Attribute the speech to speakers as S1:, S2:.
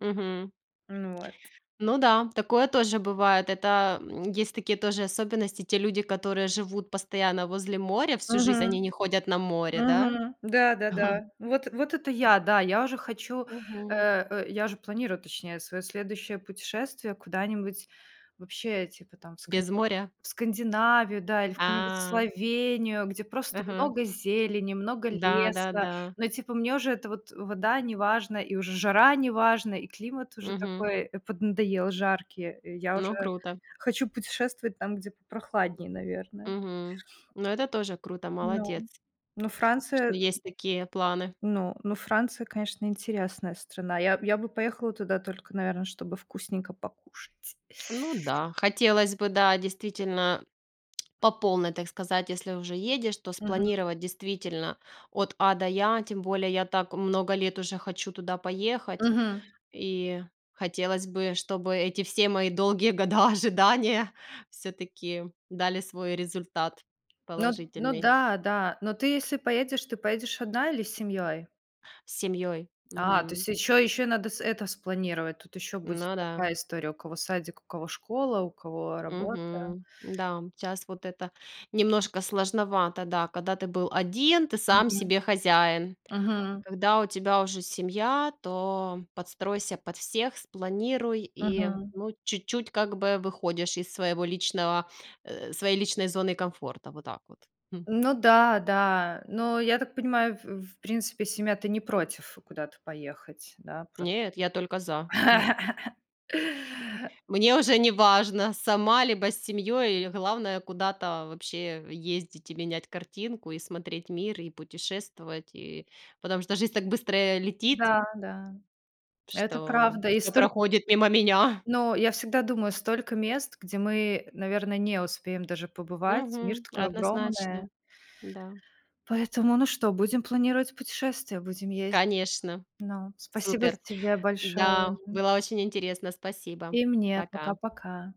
S1: Мгм.
S2: Ну, вот.
S1: Ну да, такое тоже бывает. Это, м, есть такие тоже особенности. Те люди, которые живут постоянно возле моря всю жизнь, они
S2: Мгм.
S1: не ходят на море, да?
S2: Мгм. Да-да-да, вот вот это я, да, я уже хочу, э,
S1: Мгм.
S2: э, я уже планирую, точнее, своё следующее путешествие куда-нибудь вообще, типа там в Сканди
S1: Без моря?
S2: в Скандинавию, да, или в какую-нибудь
S1: А.
S2: Словению, где просто
S1: Мгм.
S2: много зелени, много леса.
S1: Да-да-да.
S2: Но, типа, мне уже эта вот, э, вода неважна, и уже жара неважна, и климат уже
S1: Мгм.
S2: такой, э, поднадоел жаркий. Э, я уже
S1: Ну, круто.
S2: хочу путешествовать там, где попрохладнее, наверное.
S1: Мгм. Ну, это тоже круто, молодец.
S2: Ну, ну
S1: Что
S2: Франция, э
S1: есть такие планы.
S2: Ну ну, Франция, конечно, интересная страна. Я я бы поехала туда только, наверно, чтобы вкусненько покушать.
S1: Ну да, хотелось бы, да, действительно по полной, так сказать, если уже едешь, то
S2: Мгм.
S1: спланировать, действительно, от А до Я. Тем более я так много лет уже хочу туда поехать,
S2: Мгм.
S1: и хотелось бы, чтобы эти все мои долгие года ожидания всё-таки дали свой результат
S2: Ну ну
S1: положительный.
S2: да-да, но ты, если поедешь, ты поедешь 1 или с семьей?
S1: С семьёй.
S2: А, то
S1: Мгм.
S2: есть ещё ещё надо с это спланировать. Тут ещё будет
S1: Ну да.
S2: такая история: у кого садик, у кого школа, у кого работа.
S1: Мгм. Да, щас вот это немножко сложновато. Да, когда ты был 1, ты сам
S2: Мгм.
S1: себе хозяин. А
S2: Мгм.
S1: когда у тебя уже семья, то подстройся под всех, спланируй и,
S2: Мгм.
S1: ну, чуть-чуть как бы выходишь из своего личного, э, своей личной зоны комфорта. Вот так вот. Хм.
S2: Ну да, да. Но я так понимаю, ф в принципе семья-то не против куда-то поехать, да? Прос
S1: Нет, я только за. М. Мне уже неважно, сама либо с семьей, э, главное куда-то вообще ездить и менять картинку, и смотреть мир, и путешествовать, и Потому что жизнь так быстро, э, летит
S2: Да-да, это
S1: что
S2: правда. И
S1: всё
S2: столь
S1: проходит мимо меня.
S2: Ну, я всегда думаю, столько мест, где мы, наверно, не успеем даже побывать. Мир
S1: Мгм.
S2: такой огромная.
S1: Однозначно. Да.
S2: Поэтому, ну что, будем планировать путешествие, будем ездить.
S1: Конечно.
S2: Ну, спасибо
S1: Супер.
S2: тебе большое,
S1: Да,
S2: мгм.
S1: было очень интересно. Спасибо.
S2: И мне.
S1: Пока.
S2: Пока-пока.